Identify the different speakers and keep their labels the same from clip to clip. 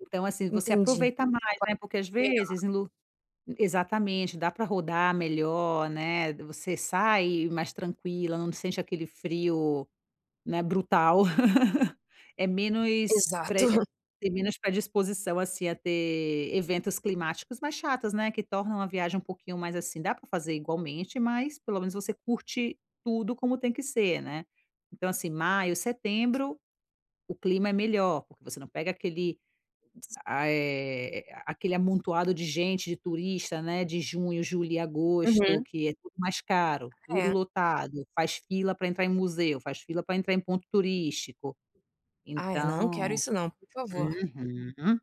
Speaker 1: Então assim, você
Speaker 2: Entendi.
Speaker 1: aproveita mais,
Speaker 2: Agora
Speaker 1: né, porque às
Speaker 2: [unintelligible] melhor.
Speaker 1: vezes em lu exatamente, dá para rodar melhor, né, você sai mais tranquila, não sente aquele frio, né, brutal. É menos
Speaker 2: Exato.
Speaker 1: pre eh, tem menos predisposição, assim, a ter eventos climáticos mais chatos, né, que tornam a viagem um pouquinho mais assim dá para fazer igualmente, mas pelo menos você curte tudo como tem que ser, né. Então assim, maio,
Speaker 2: [unintelligible]
Speaker 1: setembro, o clima é melhor, porque você não pega aquele, ah, eh, aquele amontoado de gente, de turista, né, de junho, julho e agosto,
Speaker 2: Uhum.
Speaker 1: que é tudo mais caro, tudo
Speaker 2: É.
Speaker 1: lotado. Faz fila para entrar em museu, faz fila para entrar em ponto turístico,
Speaker 2: Ah, eu não quero
Speaker 1: então.
Speaker 2: isso não, por favor.
Speaker 1: Uhum.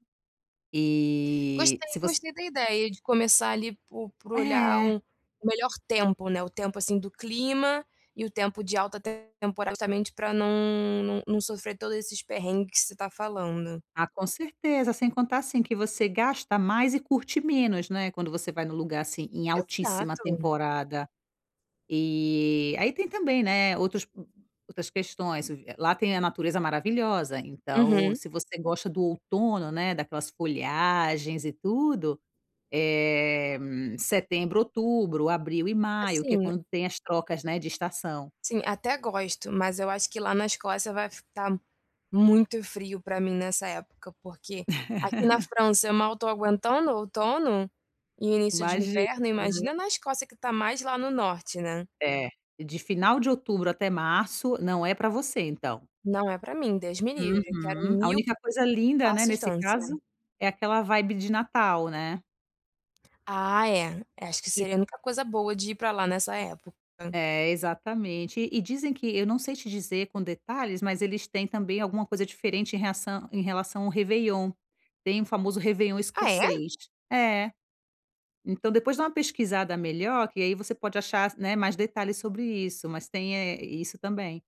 Speaker 1: E,
Speaker 2: Gostei
Speaker 1: se você
Speaker 2: gostei da ideia de começar, ali, por por olhar
Speaker 1: É.
Speaker 2: um o melhor tempo, né. O tempo, assim, do clima, e o tempo de alta temporada, justamente para não não não sofrer todos esses perrengues que você está falando.
Speaker 1: Ah, com certeza. Sem contar, assim, que você gasta mais e curte menos, né, quando você vai num lugar assim, em altíssima
Speaker 2: Exato.
Speaker 1: temporada. E aí tem também, né, outros outras questões v lá tem a natureza maravilhosa, então
Speaker 2: Uhum.
Speaker 1: se você gosta do outono, né, daquelas folhagens e tudo, eh, setembro, outubro, abril e maio, que é
Speaker 2: Assim
Speaker 1: quando tem as trocas, né, de estação.
Speaker 2: assim, até gosto, mas eu acho que lá na Escócia vai f tá muito frio para mim nessa época, porque aqui na França eu mal estou aguentando o outono e o início de
Speaker 1: Imagina.
Speaker 2: inverno,
Speaker 1: Aham.
Speaker 2: imagina na Escócia que está mais lá no norte, né.
Speaker 1: É, de final de outubro até março, não é para você, então.
Speaker 2: Não é para mim, Deus me livre. Quero
Speaker 1: Uhum. A
Speaker 2: 1000
Speaker 1: única coisa linda, né,
Speaker 2: passo
Speaker 1: nesse
Speaker 2: distância.
Speaker 1: caso, é aquela vibe de Natal, né.
Speaker 2: Ah é, acho que
Speaker 1: E
Speaker 2: seria a única coisa boa de ir para lá nessa época.
Speaker 1: É, exatamente. E dizem que eu não sei te dizer com detalhes, mas eles têm também alguma coisa diferente em reação em relação ao réveillon. Tem o famoso réveillon
Speaker 2: Ah, é?
Speaker 1: escocês. É. Então depois dá uma pesquisada melhor, que aí você pode achar, né, mais detalhes sobre isso, mas tem, eh, isso também.